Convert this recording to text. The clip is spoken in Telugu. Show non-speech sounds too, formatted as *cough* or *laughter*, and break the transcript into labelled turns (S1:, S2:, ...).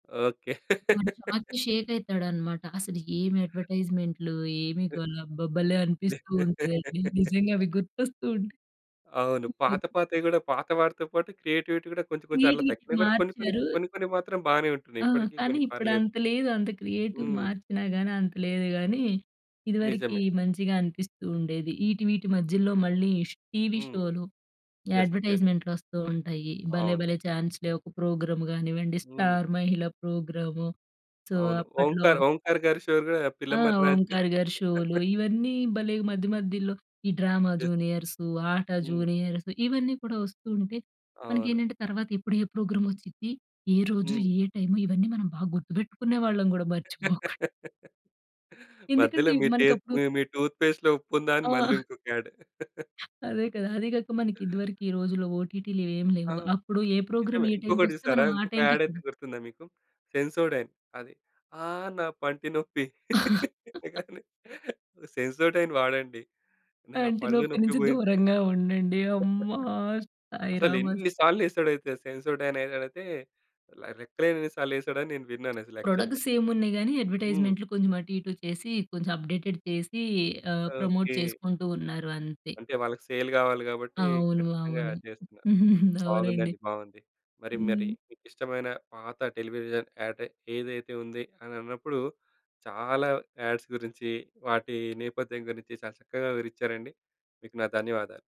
S1: ఓకే.
S2: వాడు షాక్‌కి
S1: *laughs*
S2: షేక్ అయితాడన్నమాట. అసలు ఏమి అడ్వర్టైజ్మెంట్‌లు, ఏమి గల. అబ్బా! భలే అనిపిస్తూ ఉంటదండి. నిజంగా అవి
S1: *laughs*
S2: గుర్తొస్తూ ఉంటాయి.
S1: అవును.
S2: హ్మ్.
S1: పాత పాతవి కూడా పాత వాటితో పాటు క్రియేటివిటీ కూడా కొంచెం కొంచెం అట్లా
S2: క్రియేటివిటీ
S1: తగ్గినా కూడా కొన్ని కొన్ని
S2: మార్చారు
S1: కొన్ని కొన్ని మాత్రం బానే ఉంటున్నాయి.
S2: ఆ!
S1: ఇప్పటికి
S2: కానీ
S1: కొన్ని
S2: ఇప్పుడు
S1: పర్లేదు.
S2: అంత లేదు. అంత క్రియేటివ్
S1: హ్మ్.
S2: మార్చినా కానీ అంత లేదు కానీ, ఇదివరకి
S1: నిజమే.
S2: మంచిగా అనిపిస్తూ ఉండేది. ఈటీ వీటి మధ్యలో మళ్ళీ ష్ టీవీ
S1: హ్మ్.
S2: షోలు
S1: యెస్. యెస్.
S2: అడ్వర్టైజ్మెంట్‌లు వస్తూ ఉంటాయి. 'భలే
S1: అవును.
S2: భలే ఛాన్స్ లే!' ఒక ప్రోగ్రామ్ కానివ్వండి,
S1: హ్మ్.
S2: 'స్టార్ మహిళా' ప్రోగ్రాము. సో,
S1: అవును.
S2: అప్పట్లో
S1: ఓంకార్, ఓంకార్‌గారి షో కూడా
S2: ఆ!
S1: పిల్లమర్రి రాజు.
S2: ఓంకార్ గారి షోలు.
S1: *laughs*
S2: ఇవన్నీ భలే మధ్య మధ్యలో ఈ 'డ్రామ
S1: యస్.
S2: జూనియర్స్', 'ఆట
S1: హ్మ్.
S2: జూనియర్స్' ఇవన్నీ కూడా వస్తూ ఉంటే
S1: అవును.
S2: మనకేంటంటే తరువాత ఎప్పుడు ఏ ప్రోగ్రామ్ వచ్చిద్ది? ఏ రోజు?
S1: హ్మ్.
S2: ఏ టైమ్? ఇవన్నీ మనం బాగా గుర్తుపెట్టుకునే వాళ్ళం కూడా మర్చిపోకు
S1: మధ్యలో
S2: ఎందుకంటే
S1: మీ టె
S2: మనకప్పుడు
S1: మి మీ టూత్‌పేస్ట్‌లో ఉప్పుందా? అని మళ్ళీ
S2: ఆ!
S1: ఇంకొక యాడ్.
S2: అదే కదా! అది కాక మనకి ఇదివరకు రోజుల్లో ఓటిటి‌లు ఏమి
S1: ఆ!
S2: లేవు. అప్పుడు ఏ ప్రోగ్రామ్
S1: నిజమే.
S2: ఏ టైమ్‌‌కి
S1: ఇంకొకటి
S2: వస్తే
S1: చూసారా?
S2: మనం ఆ
S1: ఇంకొక
S2: టైమ్‌కి
S1: యాడ్ అయితే
S2: చూడ్
S1: గుర్తుందా మీకు? సెన్సోడైన్ అది ఆహ్, నా పంటి నొప్పి
S2: *laughs*
S1: సెన్సోడైన్ వాడండి. నా పళ్ళు
S2: పంటినొప్పి
S1: నొప్పి
S2: నుంచి
S1: పోయింది.
S2: దూరంగా ఉండండి. అమ్మ!
S1: అసలు
S2: సాయిరామ్ అస్
S1: ఎన్ని సార్లు ఎసాడొ అయితే సెన్సోడైన్ యాడ్ అయితే రెక్కలేని ఎన్ని సార్లు వేసాడని నేను విన్నానసలు యాక్చువల్‌గా.
S2: ప్రొడక్ట్స్ సేమ్ ఉన్నాయి కానీ
S1: హ్మ్.
S2: అడ్వర్టైజ్మెంట్‌లు కొంచెం అటు ఇటు చేసి కొంచెం అప్డేటెడ్ చేసి ఆహ్, ప్రమోట్
S1: ఓకే.
S2: చేసుకుంటూ ఉన్నారు అంతే.
S1: అంటే వాళ్ళకి సేల్ కావాలి కాబట్టి
S2: అవును.
S1: ఖచ్చితంగా
S2: అవును.
S1: చేస్తున్నారు.
S2: *chuckles* అవునండి.
S1: బాగుందండి. బావుంది. మరి మరి
S2: హ్మ్.
S1: మీకిష్టమైన పాత టెలివిజన్ యాడ్ ఏదైతే ఉంది అనన్నప్పుడు చాలా యాడ్స్ గురించి వాటి నేపథ్యం గురించి చాలా చక్కగా వివరిచారండి. మీకు నా ధన్యవాదాలు.